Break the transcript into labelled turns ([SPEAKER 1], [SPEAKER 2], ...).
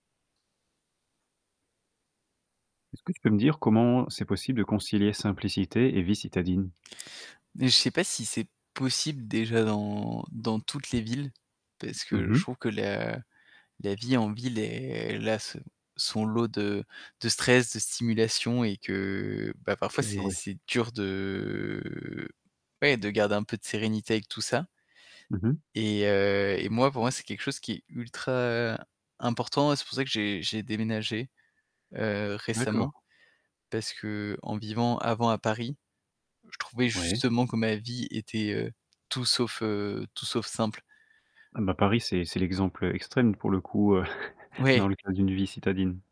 [SPEAKER 1] Est-ce que tu peux me dire comment c'est possible de concilier simplicité et vie citadine?
[SPEAKER 2] Je sais pas si c'est possible déjà dans dans toutes les villes, parce
[SPEAKER 1] Mmh
[SPEAKER 2] que
[SPEAKER 1] mh.
[SPEAKER 2] je trouve que la la vie en ville est là, son lot de de stress, de stimulation et que
[SPEAKER 1] OK
[SPEAKER 2] parfois,
[SPEAKER 1] [unintelligible]
[SPEAKER 2] c'est
[SPEAKER 1] ouais.
[SPEAKER 2] c'est dur de, ouais, de garder un peu de sérénité avec tout ça.
[SPEAKER 1] Mmh mh.
[SPEAKER 2] Et, heu, et moi, pour moi, c'est quelque chose qui est ultra important. C'est pour ça que j'ai j'ai déménagé. Heu, récemment,
[SPEAKER 1] D'accord.
[SPEAKER 2] parce qu'en vivant avant à Paris, je trouvais
[SPEAKER 1] Ouais.
[SPEAKER 2] justement que ma vie était, heu, tout sauf tout sauf simple.
[SPEAKER 1] Bah Paris c'est c'est l'exemple extrême pour le coup, heu,
[SPEAKER 2] Ouais.
[SPEAKER 1] dans le cas d'une vie citadine.